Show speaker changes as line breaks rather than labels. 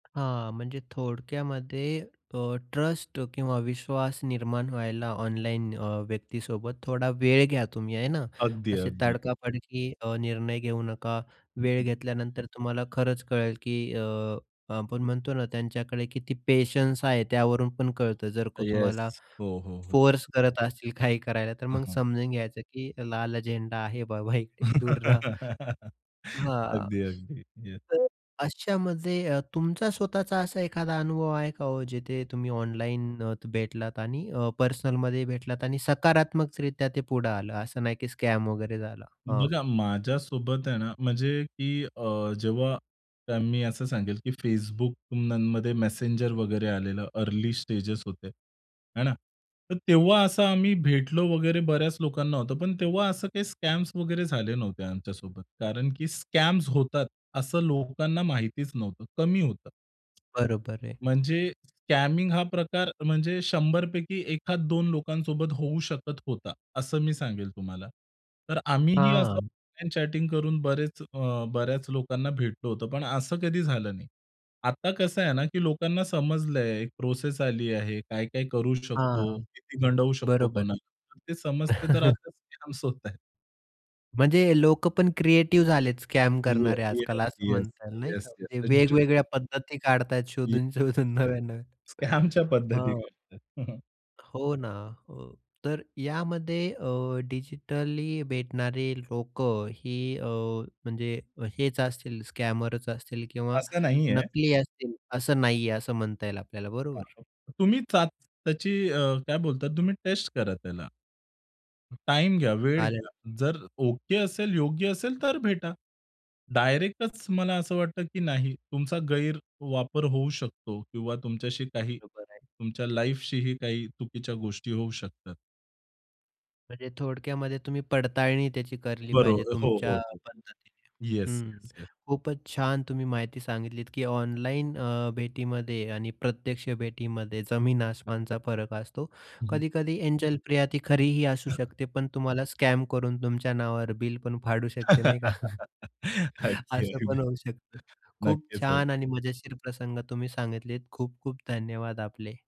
हां, म्हणजे थोडक्यामध्ये अ, ट्ट्रस्ट किंवा विश्वास निर्माण व्हायला ऑनलाईन अ, व्यक्तीसोबत थोडा वेळ घ्या तुम्ही आहे ना.
अगदी,
असे
अगदी.
तडका-फडकी अ, निर्णय घेऊ नका. वेळ घेतल्यानंतर तुम्हाला खरंच कळेल, की अ, आपण म्हणतो ना, त्यांच्याकडे किती पेशन्स आहे त्यावरून पण कळतं. जर का तुम्हाला
येस. हो, हो. हो.
फोर्स करत असतील काही करायला तर
हं,
मग
हं.
समजून घ्यायचं की लाल झेंडा आहे बाबा इकडे दूर रहा. हां,
अगदी, अगदी येस.
तर अशामध्ये अ, तुमचा स्वतःचा असा एखादा अनुभव आहे का हो, जिथे तुम्ही ऑनलाईन अ, भेटलात आणि अ, पर्सनलमध्ये भेटलात आणि सकारात्मकरित्या ते पुढे आलं असं नाही की स्कॅम वगैरे झाला? हां.
बघा माझ्यासोबत आहे ना, म्हणजे की अ, जेव्हा मी असं सांगेल की Facebookमध्ये मेसेंजर वगैरे आलेलं अर्ली स्टेजेस होते आहे ना, तर तेव्हा असं आम्ही भेटलो वगैरे बऱ्याच लोकांना होतं, पण तेव्हा असं काही स्कॅम्स वगैरे झाले नव्हते आमच्यासोबत, कारण की स्कॅम्स होतात असं लोकांना माहितीच नव्हतं, कमी होतं.
बरोबर आहे.
म्हणजे स्कॅमिंग हा प्रकार म्हणजे 100 पैकी एखाद 2 लोकांसोबत होऊ शकत होता, असं मी सांगेल तुम्हाला. तर आम्हीही असं
हां.
ऑनलाईन चॅटिंग करून बरेच, अ, बऱ्याच लोकांना भेटलो होतो, पण असं कधी झालं नाही. आता कसं आहे ना, की लोकांना समजलंय एक प्रोसेस आली आहे, काय-काय करू शकतो?
हां.
किती गंडवू शकतो
बरोबर.
कोणाला? ते समजते. तर आता स्कॅमस होत आहेत.
म्हणजे लोकं पण क्रिएटिव्ह झालेत स्कॅम
येस,
करणारे
येस,
आजकाल असं
येस,
म्हणता येईल नाही का,
येस, येस.
म्हणजे
[unintelligible]
वेगवेगळ्या पद्धती काढतायत
येस,
शोधून-शोधून
येस, येस.
नव्या-नव्या.
स्कॅमच्या पद्धती.
हं.
[unintelligible]
हो ना, हो. तर यामध्ये अ, डिजिटली भेटणारे लोकं ही अ, म्हणजे हेच असतील स्कॅमर असतील किंवा
असं नाहीये.
नकली असतील, असं नाहीये, असं म्हणता येईल आपल्याला बरोबर?
[unintelligible] तुम्ही चाच त्याची अ, काय बोलतात तुम्ही टेस्ट करा त्याला. टाईम घ्या, वेळ
आलं
घ्या,
ल
जर ओके असेल, योग्य असेल, तर भेटा. डायरेक्टच मला असं वाटतं, की नाही. तुमचा गैरवापर होऊ शकतो किंवा तुमच्याशी काही
बरोबर आहे.
तुमच्या लाईफशीही काही चुकीच्या गोष्टी होऊ शकतात.
म्हणजे थोडक्यामध्ये तुम्ही पडताळणी त्याची केली
बरो
पाहिजे
हो,
तुमच्या
हो. हो.
पद्धतीने.
येस,
हं.
Yes, yes.
खूपच छान तुम्ही माहिती सांगितलीत, की ऑनलाईन अ, भेटीमध्ये आणि प्रत्यक्ष भेटीमध्ये जमीन आसमानचा फरक असतो.
हं, हं.
कधी-कधी एंजेल प्रिया ती खरीही असू शकते, पण तुम्हाला स्कॅमकरून तुमच्या नावावर बिल पण फाडू शकते नाही का.
अगदी,
असं
अगदी.
पण होऊ शकतं. खूप
नक्कीच हो.
छान आणि मजेशीर प्रसंग तुम्ही सांगितलेत. खूप-खूप धन्यवाद आपले.